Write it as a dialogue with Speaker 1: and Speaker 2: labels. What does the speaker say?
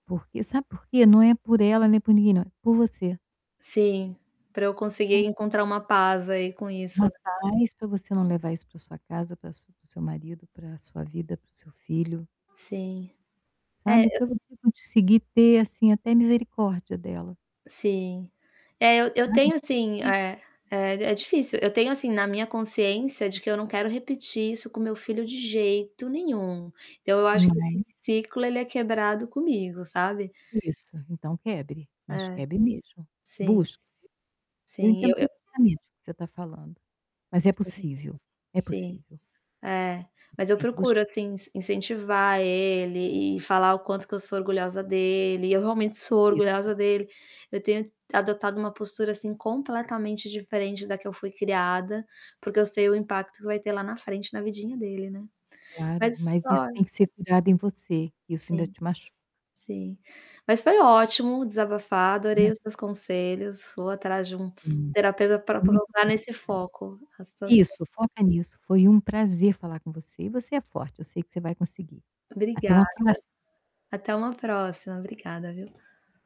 Speaker 1: Porque sabe por quê? Não é por ela, é por ninguém não, é por você.
Speaker 2: Sim, para eu
Speaker 1: Por
Speaker 2: conseguir
Speaker 1: você.
Speaker 2: encontrar uma paz aí com isso,
Speaker 1: Uma
Speaker 2: né.
Speaker 1: paz para você não levar isso para sua casa, para sua para seu marido, para sua vida, para o seu filho.
Speaker 2: Sim. É,
Speaker 1: Sabe,
Speaker 2: eu
Speaker 1: para você conseguir ter assim até misericórdia dela.
Speaker 2: Sim. É, eu eu
Speaker 1: Sabe,
Speaker 2: tenho
Speaker 1: é
Speaker 2: assim
Speaker 1: difícil.
Speaker 2: é é difícil, eu tenho assim na minha consciência de que eu não quero repetir isso com meu filho de jeito nenhum. Então eu acho que esse
Speaker 1: Mas.
Speaker 2: ciclo ele é quebrado comigo, sabe?
Speaker 1: Isso, então quebre, mas
Speaker 2: É,
Speaker 1: quebre mesmo.
Speaker 2: sim.
Speaker 1: Busque. Eu
Speaker 2: Sim,
Speaker 1: entendo
Speaker 2: eu eu
Speaker 1: perfeitamente o que você está falando, mas é
Speaker 2: Sim,
Speaker 1: possível, é
Speaker 2: sim,
Speaker 1: possível.
Speaker 2: é,
Speaker 1: Você
Speaker 2: mas eu
Speaker 1: tem que
Speaker 2: procuro,
Speaker 1: buscar.
Speaker 2: assim, ince incentivar ele e falar o quanto que eu sou orgulhosa dele, eu realmente sou
Speaker 1: Isso.
Speaker 2: orgulhosa dele, eu tenho adotado uma postura assim completamente diferente da que eu fui criada, porque eu sei o impacto que vai ter lá na frente na vidinha dele, né.
Speaker 1: Claro,
Speaker 2: Mas
Speaker 1: mas isso
Speaker 2: olha
Speaker 1: tem que ser curado em você, que isso ainda
Speaker 2: Sim,
Speaker 1: te machuca.
Speaker 2: sim. Mas foi ótimo desabafar, adorei os seus conselhos, vou atrás de um
Speaker 1: Hum,
Speaker 2: terapeuta para
Speaker 1: é muito
Speaker 2: colocar
Speaker 1: bom
Speaker 2: nesse foco a
Speaker 1: saber.
Speaker 2: situação.
Speaker 1: Isso, foca nisso, foi um prazer falar com você e você é forte, eu sei que você vai conseguir. Até
Speaker 2: Obrigada.
Speaker 1: uma próxima.
Speaker 2: Até uma próxima, obrigada viu.